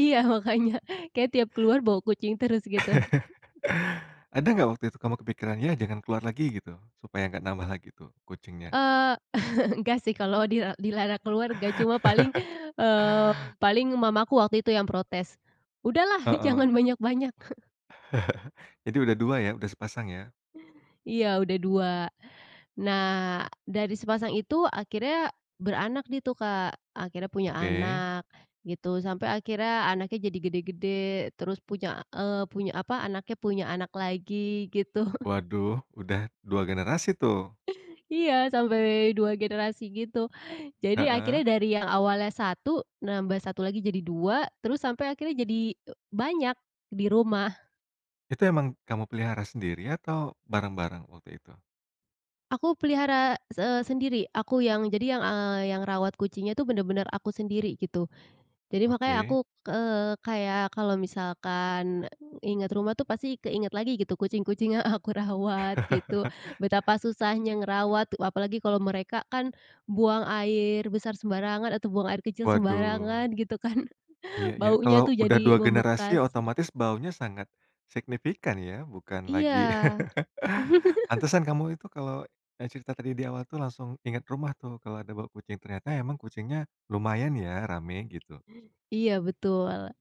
Iya makanya kayaknya tiap keluar bawa kucing terus gitu. Ada nggak waktu itu kamu kepikiran ya jangan keluar lagi gitu supaya nggak nambah lagi tuh kucingnya? Eee, enggak sih kalau dila dilarang keluar enggak cuma paling, eee, paling mamaku waktu itu yang protes, "Udahlah jangan Heeh. banyak-banyak." Jadi udah 2 ya? Udah sepasang ya? Iya udah 2, nah dari sepasang itu akhirnya beranak dia tuh Kak akhirnya punya Oke. anak gitu sampai akhirnya anaknya jadi gede-gede terus punya, eee, punya apa anaknya punya anak lagi gitu. Waduh udah 2 generasi tuh. Iya sampai 2 generasi gitu, jadi Heeh. akhirnya dari yang awalnya 1 nambah 1 lagi jadi 2 terus sampai akhirnya jadi banyak di rumah. Itu emang kamu pelihara sendiri atau bareng-bareng waktu itu? Aku pelihara se sendiri aku yang jadi yang, eee, yang rawat kucingnya itu benar-benar aku sendiri gitu, jadi makanya Oke. aku, eee, kayak kalau misalkan ingat rumah tuh pasti keinget lagi gitu kucing-kucing yang aku rawat gitu betapa susahnya ngerawat apalagi kalau mereka kan, buang air besar sembarangan atau buang air kecil Waduh. sembarangan gitu kan, Iya iya baunya kalau tuh udah jadi 2 generasi membekas. otomatis baunya sangat, signifikan ya bukan Iya. lagi pantesan kamu itu kalau, eee, cerita tadi di awal tuh langsung ingat rumah tuh kalau ada bau kucing ternyata emang kucingnya lumayan ya rame gitu? Iya betul.